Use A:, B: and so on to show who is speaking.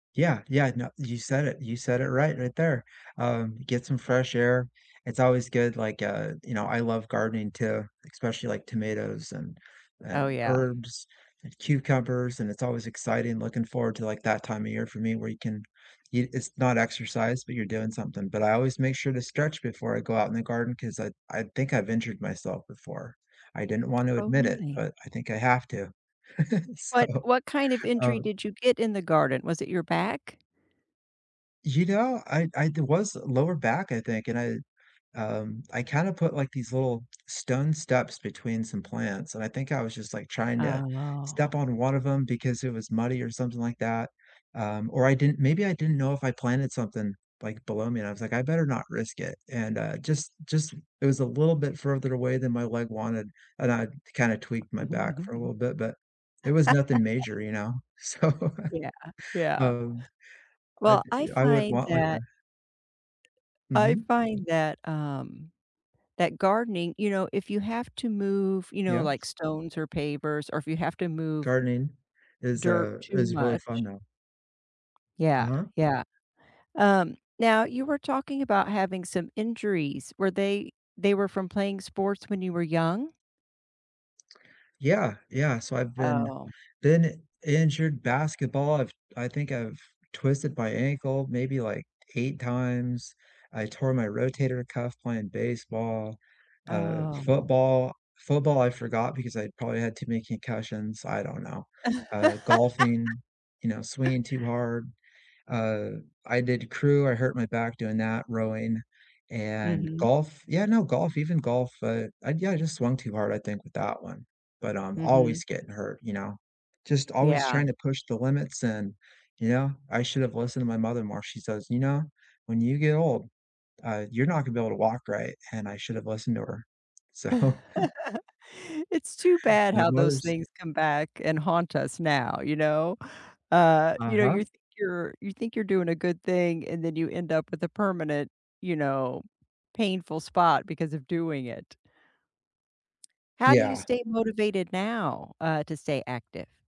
A: Yeah, yeah, no, you said it, you said it right, right there. Um, get some fresh air, it's always good, like, uh, you know, I love gardening too, especially, like, tomatoes and
B: Oh,
A: and
B: yeah.
A: herbs and cucumbers, and it's always exciting looking forward to, like, that time of year for me where you can eat it's not exercise, but you're doing something, but I always make sure to stretch before I go out in the garden 'cause I I think I've injured myself before. I didn't want to
B: Oh,
A: admit it,
B: really?
A: but I think I have to.
B: What
A: So,
B: what kind of injury
A: uh
B: did you get in the garden? Was it your back?
A: You know, I I there was lower back I think, and I, um, I kinda put, like, these little stone steps between some plants, and I think I was just, like, trying to step
B: Oh.
A: on one of 'em because it was muddy or something like that, um, or I didn't maybe I didn't know if I planted something, like, below me and I was like, "I better not risk it," and, uh, just just it was a little bit further away than my leg wanted, and I kinda tweaked my back for a little bit, but it was nothing major, you know? So,
B: Yeah, yeah.
A: um, I
B: Well, I
A: I would
B: find
A: want, like, a
B: that I
A: Mhm.
B: find that, um, that gardening, you know, if you have to move, you know,
A: Yeah.
B: like stones or pavers or if you have to move,
A: Gardening is,
B: dirt
A: uh,
B: too
A: is really
B: much.
A: fun though.
B: Yeah,
A: Uh-huh.
B: yeah. Um, now, you were talking about having some injuries. Were they they were from playing sports when you were young?
A: Yeah, yeah, so I've been
B: Oh.
A: been injured basketball, I've I think I've twisted my ankle maybe, like, 8, times. I tore my rotator cuff playing baseball, uh,
B: Oh.
A: football. Football, I forgot because I probably had too many concussions, I don't know, uh, golfing, you know, swinging too hard. Uh, I did crew, I hurt my back doing that rowing and
B: Mhm.
A: golf yeah, no golf, even golf, uh, I yeah I just swung too hard, I think with that one, but I'm
B: Mhm.
A: always getting hurt, you know, just always
B: Yeah.
A: tryna push the limits and, you know, I should've listened to my mother more, she says, "You know, when you get old, uh, you're not gonna be able to walk right," and I should've listened to her. So
B: It's too bad
A: you know,
B: how those
A: mothers
B: things come back and haunt us now, you know? Uh, you know,
A: Uh-huh.
B: you're think you're you think you're doing a good thing, and then you end up with a permanent, you know, painful spot because of doing it. How do you
A: Yeah.
B: stay motivated now, uh, to stay active?